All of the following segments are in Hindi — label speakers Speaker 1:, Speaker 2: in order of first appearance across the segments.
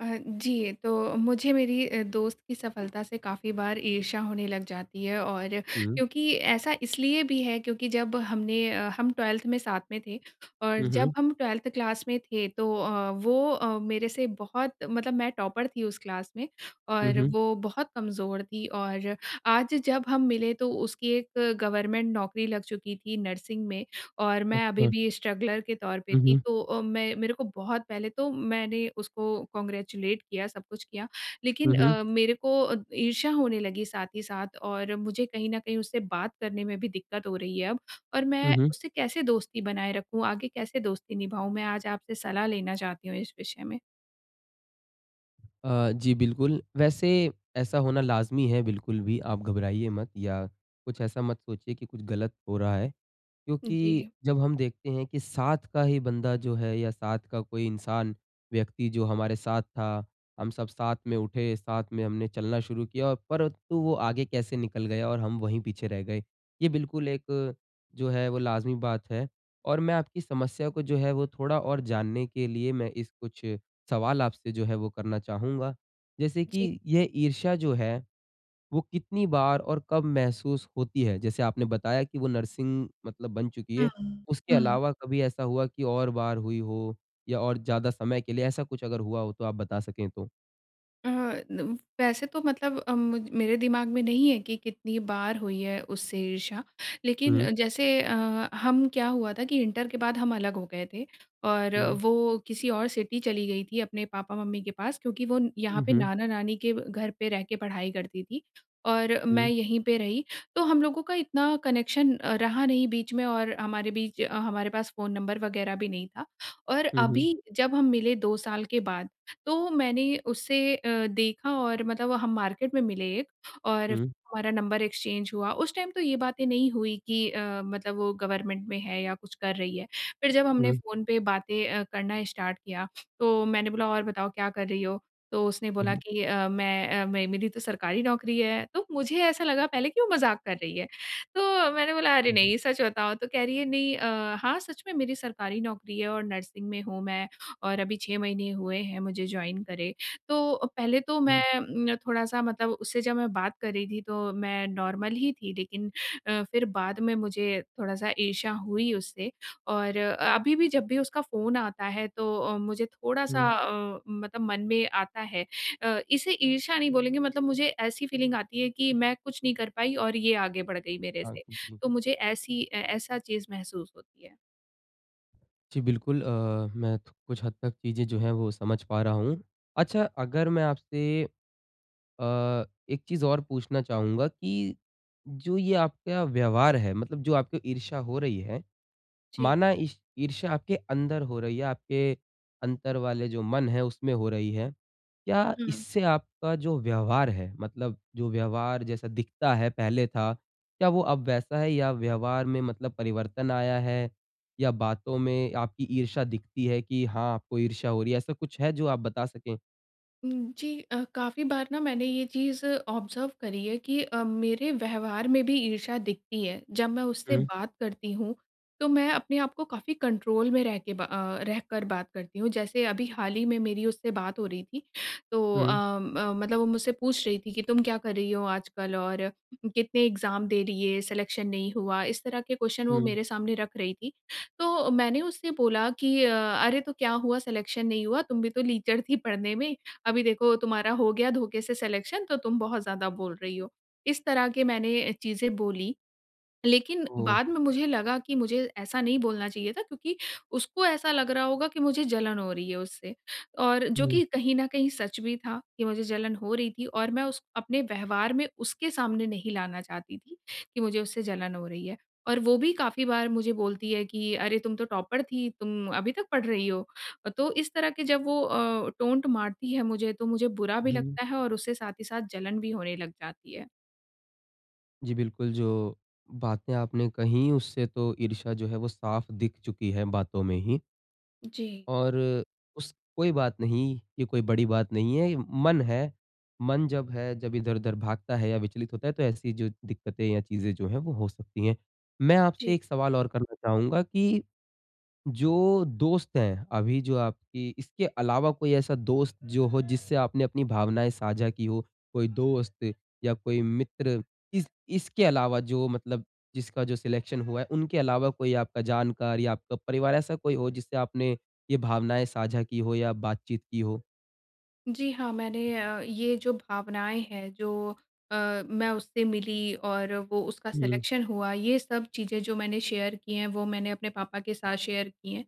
Speaker 1: अ, जी तो मुझे मेरी अ, दोस्त की सफलता से काफ़ी बार ईर्ष्या होने लग जाती है। और
Speaker 2: हुँ।
Speaker 1: क्योंकि ऐसा इसलिए भी है क्योंकि जब हमने अ, हम 12th में साथ में थे। और
Speaker 2: हुँ,
Speaker 1: जब
Speaker 2: हुँ।
Speaker 1: हम 12th क्लास में थे तो अ, वो अ, मेरे से बहुत मतलब मैं टॉपर थी, उस क्लास में
Speaker 2: हुँ,
Speaker 1: और
Speaker 2: हुँ।
Speaker 1: वो बहुत कमज़ोर थी। और आज जब हम मिले तो उसकी एक गवर्नमेंट नौकरी लग चुकी थी नर्सिंग में और मैं अभी
Speaker 2: अच्छा।
Speaker 1: भी स्ट्रगलर के तौर पे
Speaker 2: हुँ,
Speaker 1: थी।
Speaker 2: हुँ।
Speaker 1: तो अ, मैं मेरे को बहुत पहले तो मैंने उसको कांग्रेचुलेट किया, सब कुछ किया,
Speaker 2: हुँ,
Speaker 1: लेकिन
Speaker 2: हुँ।
Speaker 1: अ, मेरे को अ, ईर्ष्या होने लगी साथ ही साथ। और मुझे कहीं न कहीं उससे बात करने में भी दिक्कत हो रही है, अब। और
Speaker 2: हुँ,
Speaker 1: मैं
Speaker 2: हुँ।
Speaker 1: उसे कैसे दोस्ती बनाए रखूँ? आगे कैसे दोस्ती निभाऊँ? मैं आज आपसे सलाह लेना चाहती हूँ, इस विषय में।
Speaker 2: अ, जी बिल्कुल वैसे ऐसा होना लाज़मी है। बिल्कुल भी आप घबराइए मत या कुछ ऐसा मत सोचिए कि कुछ गलत हो रहा है, क्योंकि
Speaker 1: जी।
Speaker 2: जब हम देखते हैं कि साथ का ही बंदा जो है या साथ का कोई इंसान, व्यक्ति, जो हमारे साथ था, हम सब साथ में उठे, साथ में हमने चलना शुरू किया और परंतु वो आगे कैसे निकल गया और हम वही पीछे रह गए। ये बिल्कुल एक जो है, वो लाज़िमी बात है। और मैं आपकी समस्या को जो है, वो थोड़ा और जानने के लिए मैं इस कुछ सवाल आपसे जो है वो करना चाहूँगा। जैसे
Speaker 1: जी।
Speaker 2: कि ये ईर्ष्या जो है, वो कितनी बार और कब महसूस होती है? जैसे आपने बताया कि वो नर्सिंग मतलब बन चुकी
Speaker 1: हुँ,
Speaker 2: है। उसके
Speaker 1: हुँ।
Speaker 2: अलावा कभी ऐसा हुआ कि और बार हुई हो या और ज़्यादा समय के लिए ऐसा कुछ अगर हुआ हो तो आप बता सकें तो?
Speaker 1: अह, नम वैसे तो मतलब अम, मुज मेरे दिमाग में नहीं है कि कितनी बार हुई है उससे ईर्ष्या। लेकिन
Speaker 2: हुँ।
Speaker 1: अ, जैसे अ, हम, क्या हुआ था कि इंटर के बाद हम अलग हो गए थे। और
Speaker 2: हुँ, हुँ।
Speaker 1: वो किसी और सिटी चली गई थी अपने पापा-मम्मी के पास क्योंकि वो न यहाँ
Speaker 2: हुँ,
Speaker 1: पे
Speaker 2: हुँ।
Speaker 1: नाना-नानी के व घर पे रह के पढ़ाई करती थी, और मैं
Speaker 2: हुँ।
Speaker 1: यहीं पे रही। तो हम लोगों का इतना कनेक्शन अ, रहा नहीं बीच में और हमारे बीच अ, हमारे पास फ़ोन नंबर वगैरह भी नहीं था। और
Speaker 2: हुँ, हुँ।
Speaker 1: अभी जब हम मिले 2 साल के बाद, तो मैंने उसे अ, देखा और मतलब हम मार्केट में मिले और
Speaker 2: हुँ।
Speaker 1: हमारा नंबर एक्सचेंज हुआ। उस टाइम तो ये बातें नहीं हुई कि अ, मतलब वो गवर्नमेंट में है या कुछ कर रही है। फिर जब हमने
Speaker 2: हुँ।
Speaker 1: फ़ोन पे बातें अ, करना स्टार्ट किया, तो मैंने बोला, "और बताओ, क्या कर रही हो?" तो उसने
Speaker 2: हुँ,
Speaker 1: बोला
Speaker 2: हुँ।
Speaker 1: कि अ, "मैं अ, मे मेरी तो सरकारी नौकरी है।" तो मुझे ऐसा लगा पहले कि वो मज़ाक कर रही है। तो मैंने बोला, "अरे
Speaker 2: हुँ।
Speaker 1: नहीं! सच बताओ।" तो कह रही है, "नहीं अ, हाँ, सच में मेरी सरकारी नौकरी है और नर्सिंग में हूँ मैं, और अभी 6 महीने हुए हैं मुझे जॉइन करे।" तो पहले तो मैं
Speaker 2: हुँ।
Speaker 1: अम, थोड़ा-सा मतलब उससे जब मैं बात कर रही थी, तो मैं नॉर्मल ही थी लेकिन अ, फिर बाद में मुझे थोड़ा-सा ईर्ष्या हुई उससे। और अभी भी जब भी उसका फ़ोन आता है तो अ, मुझे थोड़ा-सा
Speaker 2: हुँ।
Speaker 1: अ, मतलब मन में आता है। अ, इसे ईर्ष्या नहीं बोलेंगे, मतलब मुझे ऐसी फीलिंग आती है कि मैं कुछ नहीं कर पाई और ये आगे बढ़ गई मेरे
Speaker 2: हाँ
Speaker 1: से।
Speaker 2: अ, जी।
Speaker 1: तो मुझे ऐसी अ, ऐसा चीज़ महसूस होती है।
Speaker 2: जी बिल्कुल अ, मैं कुछ हद तक चीज़ें जो है वो समझ पा रहा हूँ। अच्छा अगर मैं आपसे अ, एक चीज़ और पूछना चाहूँगा कि जो ये आपका व्यवहार है, मतलब जो आपकी ईर्षा हो रही है,
Speaker 1: जी।
Speaker 2: माना ई ईर्षा आपके अंदर हो रही है, आपके अंदर वाले जो मन है उसमें हो रही है। क्या
Speaker 1: हुँ।
Speaker 2: इससे आपका जो व्यवहार है, मतलब जो व्यवहार जैसा दिखता है पहले था, क्या वो अब वैसा है या व्यवहार में मतलब परिवर्तन आया है? या बातों में आपकी इर्षा दिखती है कि हाँ, आपको इर्षा हो रही है? ऐसा कुछ है जो आप बता सकें।
Speaker 1: हुँ, जी अ, काफ़ी बार ना मैंने ये चीज़ ऑब्जर्व करी है कि अ, मेरे व्यवहार में भी ईर्षा दिखती है। जब मैं उससे
Speaker 2: हुँ।
Speaker 1: बात करती हूँ तो मैं अपने आप को काफ़ी कंट्रोल में रहके ब अ, रहकर बात करती हूँ। जैसे अभी हाल ही में मेरी उससे बात हो रही थी, तो अ,
Speaker 2: हुँ।
Speaker 1: म मतलब वो मुझसे पूछ रही थी कि तुम क्या कर रही हो आजकल और कितने एक्जाम दे दिए, सिलेक्शन नहीं हुआ। इस तरह के क्वेश्चन वो
Speaker 2: हुँ।
Speaker 1: मेरे सामने रख रही थी। तो मैंने उससे बोला कि अ, "अरे तो क्या हुआ सिलेक्शन नहीं हुआ, तुम भी तो लीचर थी पढ़ने में। अभी देखो तुम्हारा हो गया धोखे से सिलेक्शन तो तुम बहुत ज़्यादा बोल रही हो", इस तरह के मैंने चीज़ें बोली। लेकिन
Speaker 2: ओह!
Speaker 1: बाद में मुझे लगा कि मुझे ऐसा नहीं बोलना चाहिए था क्योंकि उसको ऐसा लग रहा होगा कि मुझे जलन हो रही है उससे और जो
Speaker 2: हुँ।
Speaker 1: कि कहीं न कहीं सच भी था कि मुझे जलन हो रही थी। और मैं उस अपने व्यवहार में उसके सामने नहीं लाना चाहती थी कि मुझे उससे जलन हो रही है। और वो भी काफ़ी बार मुझे बोलती है कि अरे तुम तो टॉपर थी तुम अभी तक पढ़ रही हो। तो इस तरह की जब वो अ, टोंट मारती है मुझे तो मुझे बुरा भी
Speaker 2: हुँ।
Speaker 1: लगता है और उससे साथ ही साथ जलन भी होने लग जाती है।
Speaker 2: जी बिल्कुल, जो बातें आपने कहीं उससे तो ईर्षा जो है वो साफ़ दिख चुकी है बातों में ही।
Speaker 1: जी।
Speaker 2: और उस कोई बात नहीं, ये कोई बड़ी बात नहीं है, ये मन है। मन जब है जब इधर-उधर भागता है या विचलित होता है तो ऐसी जो दिक्कतें या चीज़ें जो है वो हो सकती है। मैं आपसे
Speaker 1: जी।
Speaker 2: एक सवाल और करना चाहूँगा कि, जो दोस्त है अभी जो आपकी इसके अलावा कोई ऐसा दोस्त जो हो जिससे आपने अपनी भावनाएँ साझा की हो, कोई दोस्त या कोई मित्र इस इसके अलावा जो मतलब जिसका जो सिलेक्शन हुआ है उनके अलावा कोई आपका जानकार या आपका परिवार ऐसा कोई हो जिससे आपने ये भावनाएँ साझा की हो या बातचीत की हो?
Speaker 1: जी हाँ, मैंने अ, ये जो भावनाएँ हैं जो अ, मैं उससे मिली और वो उसका
Speaker 2: हुँ।
Speaker 1: सिलेक्शन हुआ, ये सब चीज़ें जो मैंने शेयर की हैं वो मैंने अपने पापा के साथ शेयर की हैं।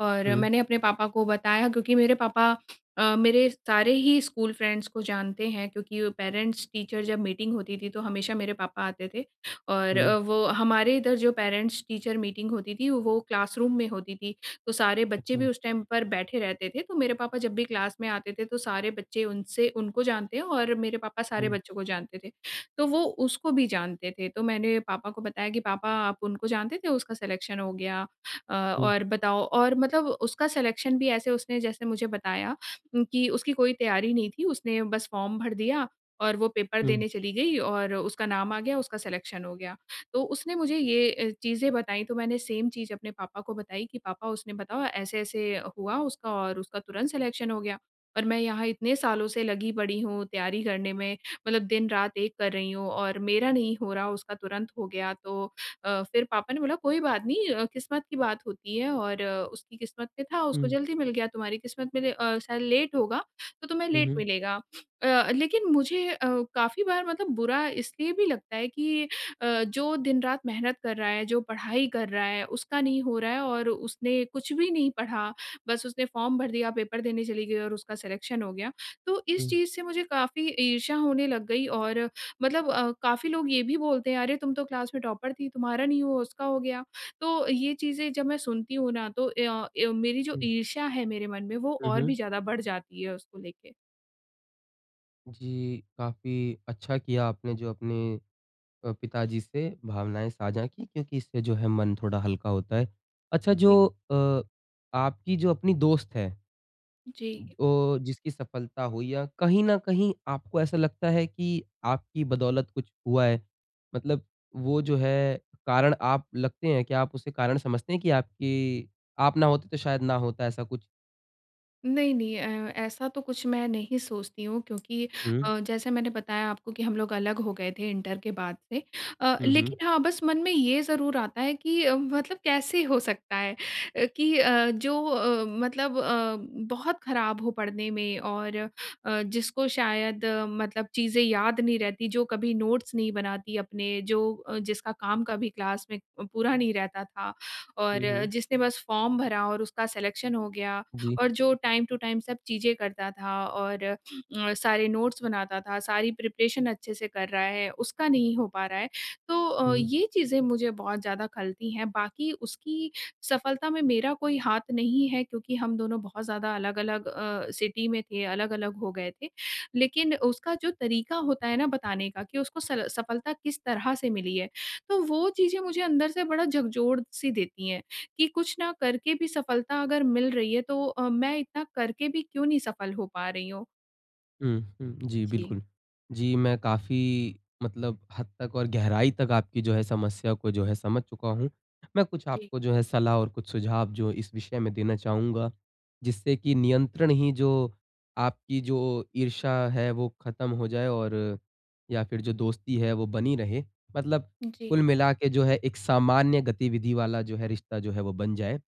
Speaker 1: और
Speaker 2: हुँ।
Speaker 1: मैंने अपने पापा को बताया क्योंकि मेरे पापा अ, मेरे सारे ही स्कूल फ्रेंड्स को जानते हैं। क्योंकि पेरेंट्स-टीचर जब मीटिंग होती थी तो हमेशा मेरे पापा आते थे। और अ,
Speaker 2: हुँ।
Speaker 1: वो हमारे इधर जो पेरेंट्स-टीचर मीटिंग होती थी वो क्लासरूम में होती थी। तो सारे बच्चे भी
Speaker 2: अच्छा।
Speaker 1: उस टाइम पर बैठे रहते थे। तो मेरे पापा जब भी क्लास में आते थे तो सारे बच्चे उनसे उनको जानते हैं और मेरे पापा सारे
Speaker 2: हुँ।
Speaker 1: बच्चों को जानते थे। तो वो उसको भी जानते थे। तो मैंने पापा को बताया कि पापा आप उनको जानते थे, उसका सिलेक्शन हो गया। अ,
Speaker 2: हुँ।
Speaker 1: और बताओ और मतलब उसका सिलेक्शन भी ऐसे उसने जैसे मुझे बताया उम, कि उसकी कोई तैयारी नहीं थी, उसने बस फॉर्म भर दिया और वो पेपर
Speaker 2: हुँ।
Speaker 1: देने चली गई और उसका नाम आ गया, उसका सिलेक्शन हो गया। तो उसने मुझे ये ए चीज़ें बताई तो मैंने सेम चीज़ अपने पापा को बताई कि पापा उसने बताया ऐसे-ऐसे हुआ उसका और उसका तुरंत सिलेक्शन हो गया। और मैं यहाँ इतने सालों से लगी पड़ी हूँ तैयारी करने में, मतलब दिन-रात एक कर रही हूँ और मेरा नहीं हो रहा, उसका तुरंत हो गया। तो अ, फिर पापा ने बोला कोई बात नहीं अ, किस्मत की बात होती है और उसकी किस्मत में था, उसको
Speaker 2: हुँ।
Speaker 1: जल्दी मिल गया, तुम्हारी किस्मत में ले अ, शायद लेट होगा तो तुम्हें
Speaker 2: हुँ,
Speaker 1: लेट
Speaker 2: हुँ।
Speaker 1: मिलेगा। अ, लेकिन मुझे अ, काफ़ी बार मतलब बुरा इसलिए भी लगता है कि अ, जो दिन-रात मेहनत कर रहा है, जो पढ़ाई कर रहा है उसका नहीं हो रहा है और उसने कुछ भी नहीं पढ़ा, बस उसने फॉर्म भर दिया पेपर देने चली गई और उसका सिलेक्शन हो गया। तो इस
Speaker 2: हुँ।
Speaker 1: चीज़ से मुझे काफ़ी ईर्षा होने लग गई। और मतलब अ, काफ़ी लोग ये भी बोलते हैं अरे तुम तो क्लास में टॉपर थी तुम्हारा नहीं हुआ, उसका हो गया। तो ये चीज़ें जब मैं सुनती हूँ ना तो य अ, मेरी जो
Speaker 2: हुँ।
Speaker 1: ईर्षा है मेरे मन में वो
Speaker 2: हुँ,
Speaker 1: और भी
Speaker 2: हुँ।
Speaker 1: ज़्यादा बढ़ जाती है उसको लेके।
Speaker 2: जी काफ़ी अच्छा किया आपने जो अपने अ, पिताजी से भावनाएँ साझा की क्योंकि इससे जो है मन थोड़ा हल्का होता है। अच्छा
Speaker 1: जी।
Speaker 2: जो अ, आपकी जो अपनी दोस्त है अ,
Speaker 1: जी।
Speaker 2: जिसकी सफलता हुई या कहीं न कहीं आपको ऐसा लगता है की आपकी बदौलत कुछ हुआ है? मतलब वो जो है कारण आप लगते है क्या आप उसे कारण समझते हैं की आपकी आप ना होते तो शायद ना होता ऐसा कुछ?
Speaker 1: नहीं, नहीं। अ, ऐसा तो कुछ मैं नहीं सोचती हूँ क्योंकि
Speaker 2: हुँ।
Speaker 1: अ, जैसे मैंने बताया आपको कि हम लोग अलग हो गए थे इंटर के बाद में। अ,
Speaker 2: हुँ, हुँ।
Speaker 1: लेकिन हाँ, बस मन में ये ज़रूर आता है कि मतलब कैसे हो सकता है अ, कि अ, जो अ, मतलब अ, बहुत खराब हो पढ़ने में और अ, जिसको शायद मतलब चीज़ें याद नहीं रहती, जो कभी नोट्स नहीं बनाती अपने, जो जिसका काम कभी क्लास में अ, पूरा नहीं रहता था और
Speaker 2: हुँ, हुँ।
Speaker 1: जिसने बस फॉर्म भरा और उसका सिलेक्शन हो गया।
Speaker 2: जी।
Speaker 1: और जो टाइम टू टाइम सब चीज़ें करता था और अ, सारे नोट्स बनाता था, सारी प्रिपरेशन अच्छे से कर रहा है, उसका नहीं हो पा रहा है। तो
Speaker 2: हुँ।
Speaker 1: ये चीज़ें मुझे बहुत ज़्यादा खलती हैं। बाकी उसकी सफलता में मेरा कोई हाथ नहीं है क्योंकि हम दोनों बहुत ज़्यादा अलग-अलग अ, सिटी में थे, अलग-अलग हो गए थे। लेकिन उसका जो तरीका होता है ना बताने का कि उसको सल सफलता किस तरह से मिली है। तो वो चीज़ें मुझे अंदर से बड़ा झकझोर-सी देती हैं, कि कुछ ना करके भी सफलता अगर मिल रही है तो अ, मैं इतना करके भी क्यों नहीं सफल नहीं हो पा रही हूँ?
Speaker 2: हुँ, हुँ। जी,
Speaker 1: जी।
Speaker 2: बिल्कुल। जी, मैं काफ़ी मतलब हद तक और गहराई तक आपकी जो है समस्या को जो है समझ चुका हूँ। मैं कुछ
Speaker 1: जी।
Speaker 2: आपको जो है सलाह और कुछ सुझाव जो इस विषय में देना चाहूँगा जिससे कि नियंत्रण ही जो आपकी जो ईर्षा है वो खत्म हो जाए और या फिर जो दोस्ती है वो बनी रहे। मतलब
Speaker 1: जी।
Speaker 2: कुल मिलाके जो है एक सामान्य गतिविधि वाला जो है रिश्ता जो है वो बन जाए।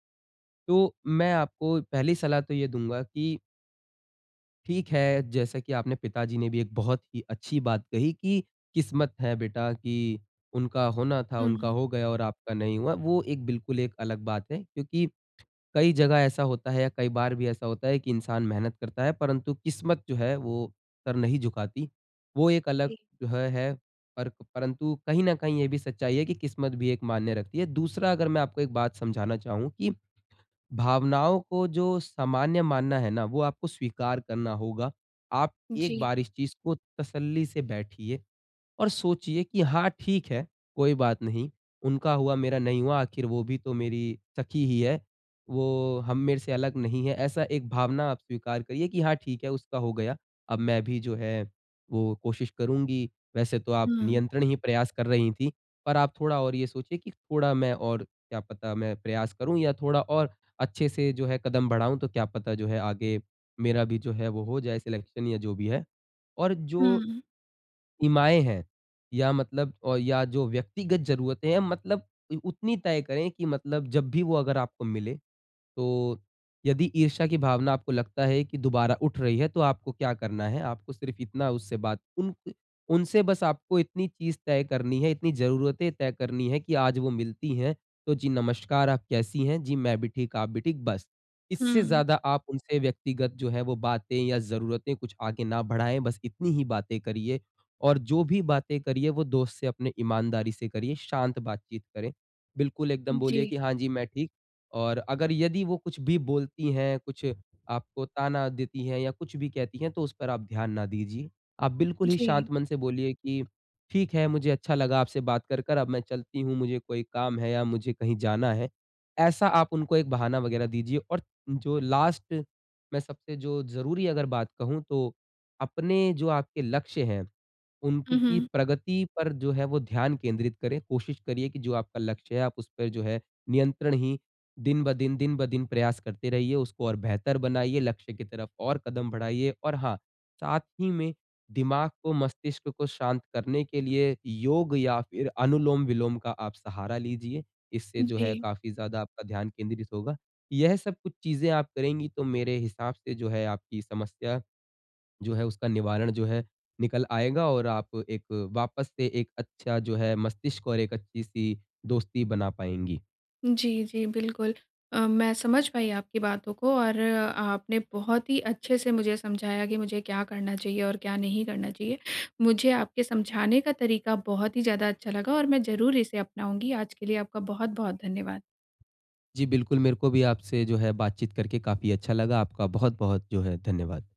Speaker 2: तो मैं आपको पहली सलाह तो ये दूँगा कि ठीक है, जैसा कि आपने पिताजी ने भी एक बहुत ही अच्छी बात कही कि किस्मत है बेटा की उनका होना था, उनका
Speaker 1: हुँ।
Speaker 2: हो गया और आपका नहीं हुआ वो एक बिल्कुल एक अलग बात है। क्योंकि कई जगह ऐसा होता है या कई बार भी ऐसा होता है कि इंसान मेहनत करता है परंतु किस्मत जो है वो सर नहीं झुकाती। वो एक अलग
Speaker 1: जी।
Speaker 2: जो है, है। पर परंतु कहीं न कहीं ये भी सच्चाई है कि किस्मत भी एक मान्य रखती है। दूसरा अगर मैं आपको एक बात समझाना चाहूँ कि भावनाओं को जो सामान्य मानना है ना वो आपको स्वीकार करना होगा। आप एक
Speaker 1: जी।
Speaker 2: बार इस चीज़ को तसल्ली से बैठिए और सोचिए कि हाँ ठीक है, कोई बात नहीं। उनका हुआ मेरा नहीं हुआ आखिर वो भी तो मेरी सखी ही है। वो हम मेरे से अलग नहीं है ऐसा एक भावना आप स्वीकार करिए कि हाँ, ठीक है उसका हो गया। अब मैं भी जो है वो कोशिश करुँगी। वैसे तो आप
Speaker 1: हुँ।
Speaker 2: नियंत्रण ही प्रयास कर रही थी। पर आप थोड़ा और ये सोचिए कि थोड़ा मैं और क्या पता मैं प्रयास करूँ या थोड़ा और अच्छे से जो है कदम बढ़ाऊँ तो क्या पता जो है आगे मेरा भी जो है वो हो जाए सिलेक्शन या जो भी है। और जो,
Speaker 1: हुँ।
Speaker 2: इमाएँ हैं या मतलब अ, या जो व्यक्तिगत जरूरतें है मतलब उ उतनी तय करे की मतलब जब भी वो अगर आपको मिले तो यदि ईर्षा की भावना आपको लगता है कि दोबारा उठ रही है तो आपको क्या करना है? आपको सिर्फ़ इतना उससे बात उनके उनसे बस आपको इतनी चीज़ तय करनी है, इतनी जरूरतें तय करनी है कि आज वो मिलती हैं तो जी नमस्कार आप कैसी हैं? जी मैं भी ठीक, आप भी ठीक बस। इससे
Speaker 1: हुँ।
Speaker 2: ज़्यादा आप उनसे व्यक्तिगत जो है वो बातें या जरूरतें कुछ आगे ना बढ़ाएँ, बस इतनी ही बातें करिए और जो भी बातें करिए वो दोस्त से अपनी ईमानदारी से करिए, शांत बातचीत करें। बिल्कुल एकदम बोलिए
Speaker 1: जी।
Speaker 2: कि हाँ जी मैं ठीक। और अगर यदि वो कुछ भी बोलती हैं, कुछ आपको ताना देती हैं या कुछ भी कहती हैं तो उस पर आप ध्यान ना दीजिए। आप बिल्कुल ही
Speaker 1: जी।
Speaker 2: शांत मन से बोलिए कि ठीक है, मुझे अच्छा लगा आपसे बात कर कर अब मैं चलती हूँ, मुझे कोई काम है या मुझे कहीं जाना है। ऐसा आप उनको एक बहाना वगैरह दीजिए और जो लास्ट में सबसे जो ज़रूरी अगर बात कहूँ तो अपने जो आपके लक्ष्य हैं
Speaker 1: हुँ,
Speaker 2: उनकी
Speaker 1: हुँ।
Speaker 2: प्रगति पर जो है वो ध्यान केंद्रित करें। कोशिश करिए कि जो आपका लक्ष्य है आप उसपे जो है नियंत्रण ही दिन ब दिन, दिन ब दिन प्रयास करते रहिए, उसको और बेहतर बनाइए, लक्ष्य की तरफ और कदम बढ़ाइए। और हाँ, साथ ही में दिमाग को, मस्तिष्क को शांत करने के लिए योग या फिर अनुलोम-विलोम का आप सहारा लीजिए। इससे जो है
Speaker 1: जी।
Speaker 2: काफ़ी ज़्यादा आपका ध्यान केंद्रित होगा। यह सब कुछ चीज़ें आप करेंगी तो मेरे हिसाब से जो है आपकी समस्या जो है उसका निवारण जो है निकल आएगा और आप एक वापस से एक अच्छा जो है मस्तिष्क और एक अच्छी-सी दोस्ती बना पाएँगी।
Speaker 1: जी, जी, बिल्कुल अ, मैं समझ पाई आपकी बातों को। और आपने बहुत ही अच्छे से मुझे समझाया कि मुझे क्या करना चाहिए और क्या नहीं करना चाहिए। मुझे आपके समझाने का तरीका बहुत ही ज़्यादा अच्छा लगा और मैं ज़रूर इसे अपनाऊँगी। आज के लिए आपका बहुत-बहुत धन्यवाद।
Speaker 2: जी बिल्कुल, मेरे को भी आपसे जो है बातचीत करके काफ़ी अच्छा लगा। आपका बहुत-बहुत जो है धन्यवाद।